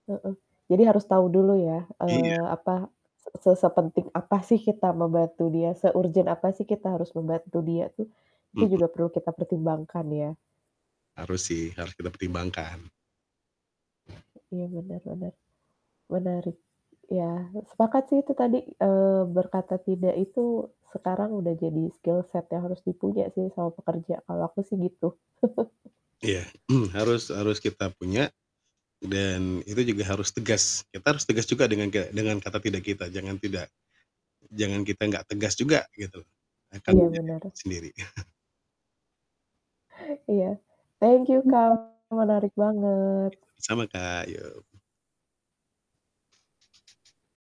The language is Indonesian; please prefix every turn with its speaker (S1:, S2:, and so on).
S1: Heeh, jadi harus tahu dulu ya,
S2: Iya.
S1: eee, apa se sepenting apa sih kita membantu dia, seurgen apa sih kita harus membantu dia tuh, itu
S2: Mhm.
S1: juga perlu kita pertimbangkan ya.
S2: Harus sih, harus kita pertimbangkan.
S1: Iya bener bener, menarik, ya sepakat sih itu tadi, eee, berkata tidak itu sekarang udah jadi skill set yang harus dipuja sih sama pekerja kalau aku sih gitu.
S2: Iya, mmm, harus harus kita punya, dan itu juga harus tegas, kita harus tegas juga dengan ga dengan kata tidak kita jangan tidak jangan kita nggak tegas juga gitu, akan
S1: Iya
S2: menjadi
S1: bener.
S2: repot sendiri.
S1: Iya, thank you Kak, menarik banget.
S2: Iya, sama sama, Kak, yo.